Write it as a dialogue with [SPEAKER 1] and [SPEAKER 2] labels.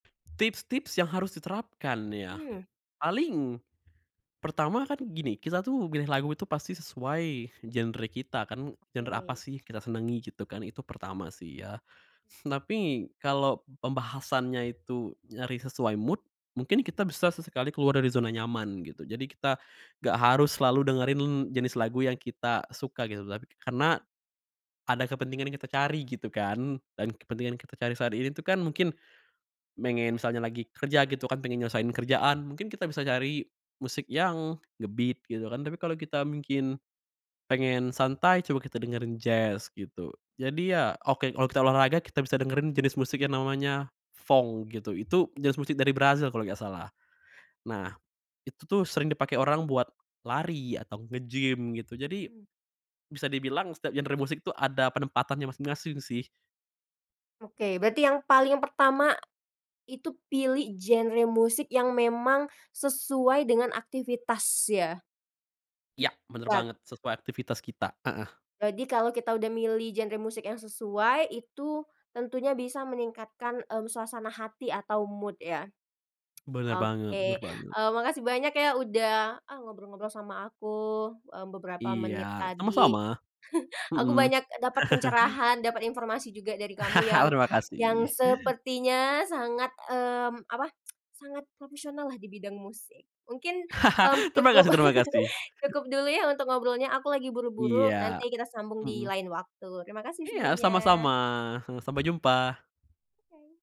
[SPEAKER 1] Tips-tips yang harus diterapkan ya,
[SPEAKER 2] Mmm.
[SPEAKER 1] paling, pertama kan gini, kita tuh pilih lagu itu pasti sesuai genre kita kan, genre apa
[SPEAKER 2] Oke.
[SPEAKER 1] sih kita senangi gitu kan, itu pertama sih ya. Tapi, kalo pembahasannya itu nyari sesuai mood, mungkin kita bisa sesekali keluar dari zona nyaman, gitu. Jadi kita nggak harus selalu dengerin jenis lagu yang kita suka gitu, tapi karena ada kepentingan yang kita cari, gitu kan. Dan kepentingan yang kita cari saat ini tuh kan mungkin, pengen misalnya lagi kerja gitu kan, pengen nyelesein kerjaan, mungkin kita bisa cari musik yang nge-beat, gitu kan. Tapi kalo kita mungkin, pengen santai, coba kita dengerin jazz, gitu. Jadi, ya oke kalo kita olahraga kita bisa dengerin jenis musik yang namanya fong gitu, itu jenis musik dari Brazil kalo nggak salah. Nah, itu tuh sering dipake orang buat lari atau nge-gym, gitu. Jadi,
[SPEAKER 2] Mmm.
[SPEAKER 1] bisa dibilang setiap genre musik tuh ada penempatannya masing-masing sih.
[SPEAKER 2] Oke, berarti yang paling pertama, itu pilih genre musik yang memang sesuai dengan aktivitas ya.
[SPEAKER 1] Ya, benar
[SPEAKER 2] Wat
[SPEAKER 1] banget, sesuai aktivitas kita heeh.
[SPEAKER 2] Jadi kalo kita udah milih genre musik yang sesuai, itu, tentunya bisa meningkatkan, e suasana hati atau mood ya.
[SPEAKER 1] Benar banget
[SPEAKER 2] Oke,
[SPEAKER 1] benar banget.
[SPEAKER 2] eee, makasih banyak ya udah, e ngobrol-ngobrol sama aku, e beberapa menit
[SPEAKER 1] Iya,
[SPEAKER 2] tadi.
[SPEAKER 1] sama-sama.
[SPEAKER 2] Aku
[SPEAKER 1] Mhm.
[SPEAKER 2] banyak dapat pencerahan, dapat informasi juga dari kamu yang
[SPEAKER 1] Terima
[SPEAKER 2] yang
[SPEAKER 1] kasih.
[SPEAKER 2] sepertinya sangat, mmm, apa, sangat profesional lah di bidang musik. Mungkin, mmm,
[SPEAKER 1] Terima
[SPEAKER 2] cukup
[SPEAKER 1] kasih terima kasih.
[SPEAKER 2] cukup dulu ya untuk ngobrolnya. Aku lagi buru-buru,
[SPEAKER 1] Iya.
[SPEAKER 2] nanti kita sambung di
[SPEAKER 1] Mhm.
[SPEAKER 2] lain waktu. Terima kasih
[SPEAKER 1] Iya
[SPEAKER 2] sebelumnya.
[SPEAKER 1] sama-sama, sa sampai jumpa.
[SPEAKER 2] Oke.